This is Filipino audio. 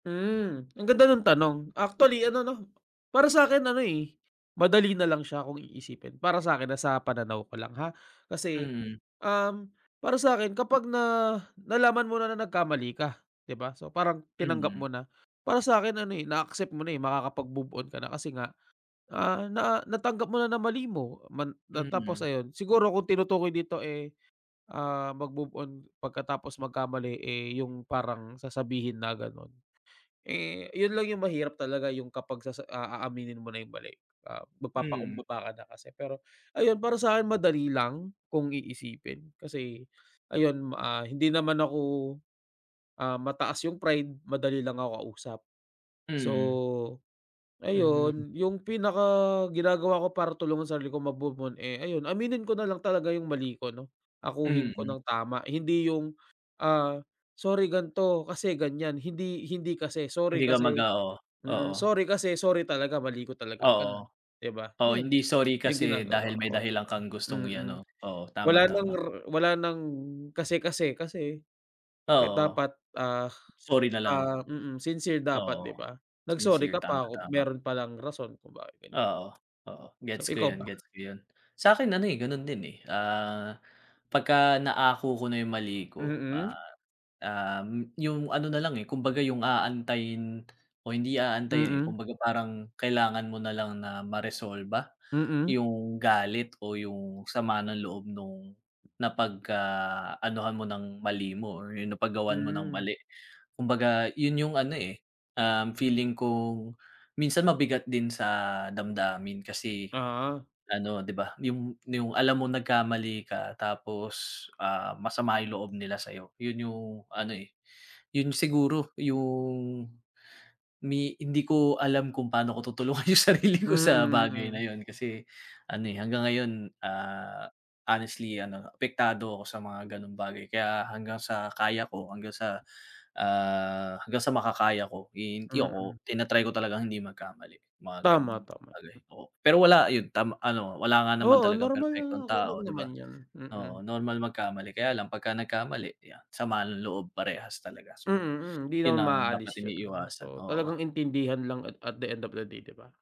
Mm, ang ganda ng tanong, actually ano no, para sa'kin ano eh, madali nalang siya kung iisipin para sa'kin sa pananaw ko lang ha. Kasi, Mm. um, para sa'kin kapag na nalaman mo na nagkamali ka, di ba, so parang tinanggap mo Mm. na. Para sa'kin ano eh na-accept mo na eh makakapag-move on ka na kasi nga, ah, na natanggap mo na na mali mo man na tapos Mm. ayun, siguro kung tinutukoy dito eh, ah, mag-move on pagkatapos magkamali eh yung parang sasabihin na ganun. Eh, yun lang yung mahirap talaga yung kapag sasa ah, aaminin mo na yung mali, ah, Mm. mag-papakumbaba ka na kasi pero ayun para sa'kin madali lang, kung iisipin kasi, ayun ah hindi naman ako, ah, mataas yung pride, madali lang ako kausap. So, Mm. Mhm. ayun, yung pinaka-ginagawa ko para tulungan ang sarili ko mag-move on eh ayun aminin ko nalang talaga yung mali ko no, akuhin ko Mm. nang tama hindi yung ah, sorry ganto, kasi ganyan, hindi hindi kasi sorry Hindi ka kasi mag-a oo, mm. oo. Sorry kasi sorry talaga mali ko talaga ganun, Oo, di ba? oo Yun, hindi sorry yung kasi dahil ginagawa may ko, di dahilan ba? kang gustong Mm. i-ano. Oo Wala tama ng tama. r wala ng kasi-kasi kasi, kaya Oo. dapat ah, Sorry nalang. ah, mm, sincere dapat, Oo di ba? Nag-sorry sincere ka tama, pa kung tama. meron palang rason kung bakit ganyan. Oo, oo So gets ko ikaw ba? yun gets ko yun. Sa'kin ano eh ganun din eh, ah, pagka naako ko na yung mali ko, ah, Mm. um, yung ano nalang eh, kumbaga yung aantayin o hindi aantayin eh, Mm. kumbaga parang kailangan mo nalang na maresolba Mm. yung galit o yung sama ng loob nung napagka anuhan mo ng mali mo or yung napag gawan mo ng Mm. mali. Kumbaga yun yung ano eh, um, feeling kung minsan mabigat din sa damdamin kasi Ah. ano, di ba, yung yung alam mong nagkamali ka tapos ah masama yung loob nila sa'yo. Yun yung ano eh, yun siguro yung ni hindi ko alam kung paano ko tutulungan yung sarili Mm, ko sa bagay na mm. yun kasi ano eh, hanggang ngayon, ah, honestly ano apektado ako sa mga ganong bagay kaya hanggang sa kaya ko hanggang sa, ah, hanggang sa makakaya, eh hindi Mm. ako tina-try ko talagang hindi magkamali mga Tama, ganung tama. bagay, oo. Pero wala yun tam ano wala nga naman Oo talagang normal na, perpektong okey lang tao, di ba, naman yun, mm. oo. Normal magkamali kaya lang pag nagkamali yan sama ng loob parehas talaga, Mm, so mm hindi yun naman ang dapat ma-aalis yun, iniiwasan, so oo. talagang intindihan lang at at the end of day, di ba?